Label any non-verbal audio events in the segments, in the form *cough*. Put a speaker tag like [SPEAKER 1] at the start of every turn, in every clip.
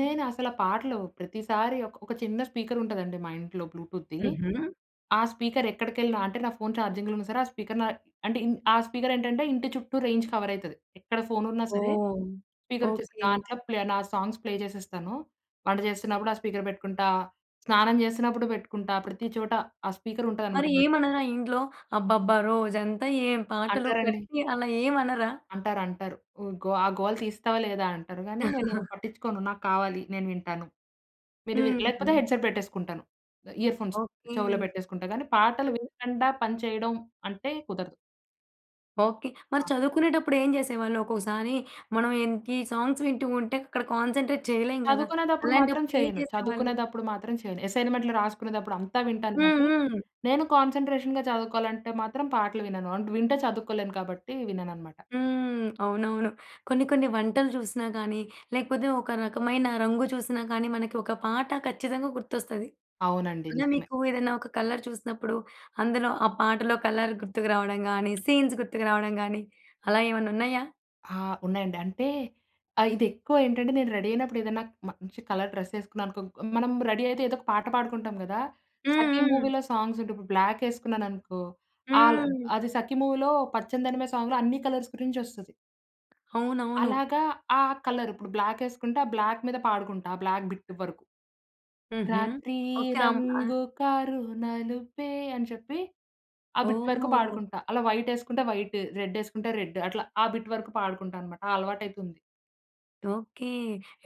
[SPEAKER 1] నేను అసల ఆ పాటలు ప్రతిసారి ఒక ఒక చిన్న స్పీకరుంటుందండి మా ఇంట్లో బ్లూటూత్‌ద్ది.
[SPEAKER 2] హుహు.
[SPEAKER 1] ఆ స్పీకర్ ఎక్కడికెళ్ళినా అంటే నా ఫోన్ ఛార్జింగ్‌లో ఉన్న సరే ఆ స్పీకర్ న అంటే ఇన్ ఆ స్పీకర్ ఏంటంటే ఇంటి చుట్టూ రేంజ్ కవరయితది. ఎక్కడ ఫోన్ ఉన్నా సరే!
[SPEAKER 2] ఓహ్!
[SPEAKER 1] స్పీకర్ వచ్చే
[SPEAKER 2] ఓకే.
[SPEAKER 1] దాంట్లో ప్లే నా సాంగ్స్ ప్లే చేసేస్తాను. వంట చేస్తున్నప్పుడు ఆ స్పీకర్ పెట్టుకుంటా. స్నానం చేస్తున్నప్పుడు పెట్టుకుంటా. ప్రతి చోటా ఆ స్పీకర్
[SPEAKER 2] మరి
[SPEAKER 1] ఉంటుందనమాట నాత్
[SPEAKER 2] ఏమనరా ఇంట్లో? "అబ్బబ్బా! రోజంతా ఏం పాటలు
[SPEAKER 1] అంటారండి.
[SPEAKER 2] కట్టియి." అలా ఏం అనరా?
[SPEAKER 1] అంటారు అంటారు. ఉ గో "ఆ గోల తీస్తావా లేదా" అంటారు గానీ నేను
[SPEAKER 2] *chuckles*
[SPEAKER 1] పట్టించుకోను నాకు కావాలి నేను వింటాను. మీరు వి
[SPEAKER 2] హ్మ్.
[SPEAKER 1] లేకపోతే
[SPEAKER 2] హ్మ్.
[SPEAKER 1] హెడ్సెట్ పెట్టేసుకుంటాను ఇయర్‌ఫోన్స్
[SPEAKER 2] ఓకే.
[SPEAKER 1] చెవులో పెట్టేసుకుంటా. కానీ పాటలు
[SPEAKER 2] సో
[SPEAKER 1] వినకుండా పని చేయడం అంటే కుదరదు.
[SPEAKER 2] ఓకే. మరి
[SPEAKER 1] ఆ!
[SPEAKER 2] చదువుకునేటప్పుడు ఏం జేసేవాళ్ళు. ఒక్కొక్కసారి మనం ఎంతి సాంగ్స్ వింటూ ఉంటే అక్కడ కాన్సంట్రేట్ చేయలేం గదా.
[SPEAKER 1] చదువుకునేటప్పుడు మాత్రం
[SPEAKER 2] అలాంటప్పుడు ఏం
[SPEAKER 1] చేయను.
[SPEAKER 2] చేసేవాళ్ళు?
[SPEAKER 1] చదువుకునేటప్పుడు మాత్రం చేయను. అసైన్‌మెంట్లు రాసుకునేదప్పుడు అంతా వింటాను
[SPEAKER 2] హ్మ్,
[SPEAKER 1] గానీ,
[SPEAKER 2] హ్మ్.
[SPEAKER 1] నేను కాన్సంట్రేషన్‌గా చదువుకోవాలంటే మాత్రం పాటలు వినను. అంటే వింటే చదువుకోలేను కాబట్టి వినననమాట.
[SPEAKER 2] హ్మ్. అవునవును కొన్ని, కొన్ని వంటలు చూసినా గాని లేకపోతే ఒక రకమైన రంగు చూసినా కానీ మనకి ఒక పాట ఖచ్చితంగా గుర్తొస్తది.
[SPEAKER 1] అవునండి
[SPEAKER 2] అలా
[SPEAKER 1] నిజమే.
[SPEAKER 2] మీకు ఏదైనా ఒక కలర్ చూసినప్పుడు అందులో ఆ పాటలో కలర్ గుర్తుకు రావడం గాని, సీన్స్ గుర్తుకు రావడం గాని అలా ఏమన్నా ఉన్నాయా?
[SPEAKER 1] ఆ! ఉన్నాయండి అంటే ఆహ్, ఇది ఎక్కువేంటంటే నేను రెడీ అయినప్పుడు ఏదైనా మంచి కలర్ డ్రెస్ ఏసుకున్నాననుకో మనం రెడీ అయితే ఏదో ఒక పాట పాడుకుంటాం గదా.
[SPEAKER 2] హ్మ్,
[SPEAKER 1] 'సఖి'
[SPEAKER 2] హ్మ్.
[SPEAKER 1] మూవీ‌లో సాంగ్స్ ఉంటాయి ఇప్పుడు బ్లాక్ వేసుకున్నాను అనుకో అల్
[SPEAKER 2] హ్మ్.
[SPEAKER 1] అది 'సఖి' మూవీలో పచ్చనిదనిమె సాంగ్‌లో అన్ని కలర్స్ గురించి వస్తది.
[SPEAKER 2] అవునవును.
[SPEAKER 1] అలాగా ఆ కలర్ ఇప్పుడు బ్లాక్ వేసుకుంటే ఆ బ్లాక్ మీద పాడుకుంటా ఆ బ్లాక్ బిట్ వరకు.
[SPEAKER 2] హుహు.
[SPEAKER 1] రాత్రి
[SPEAKER 2] ఓకే. అం అ
[SPEAKER 1] రంగు కారు నలుపే అని చెప్పి ఆ బిట్ వరకు
[SPEAKER 2] ఓహో!
[SPEAKER 1] పాడుకుంటా. అలా వైటేసుకుంటే వైటు, రెడేసుకుంటే రెడ్డు. అట్లా ఆ బిట్ వరకు పాడుకుంటా అన్నమాట ఆ అలవాటైతుంది.
[SPEAKER 2] ఓకే.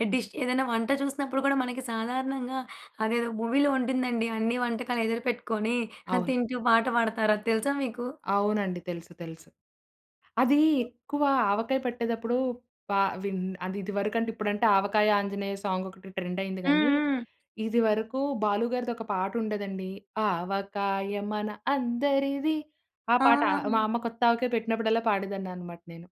[SPEAKER 2] ఎ డిష్ ఏదైనా వంట చూసినప్పుడు కూడా మనకి సాధారణంగా అదేదో మూవీ‌లో ఉంటుందండి. అన్ని వంటకాలు ఎదురుపెట్టుకొని *chuckles*
[SPEAKER 1] అవును.
[SPEAKER 2] తింటూ పాట పాడతారు. అది తెలుసా మీకు?
[SPEAKER 1] అవునండి. తెలుసు, తెలుసు. అది ఎక్కువ ఆవకాయ పట్టేదప్పుడు ప విన్ అది ఇదివరకు అంటే ఇప్పుడంటే ఆవకాయ ఆంజనేయ సాంగ్ ఒకటి ట్రెండ్ అయింది
[SPEAKER 2] హ్మ్,
[SPEAKER 1] గానీ
[SPEAKER 2] హ్మ్.
[SPEAKER 1] ఇదివరకు బాలు గారిది ఒక పాట ఉండేదండి ఆవకాయ మన అందరిది ఆ పాట మా
[SPEAKER 2] ఆ!
[SPEAKER 1] అమ్మ కొత్త ఆవకాయ పెట్టినప్పుడల్లా పాడేదాన్ని అన్నమాట నేను.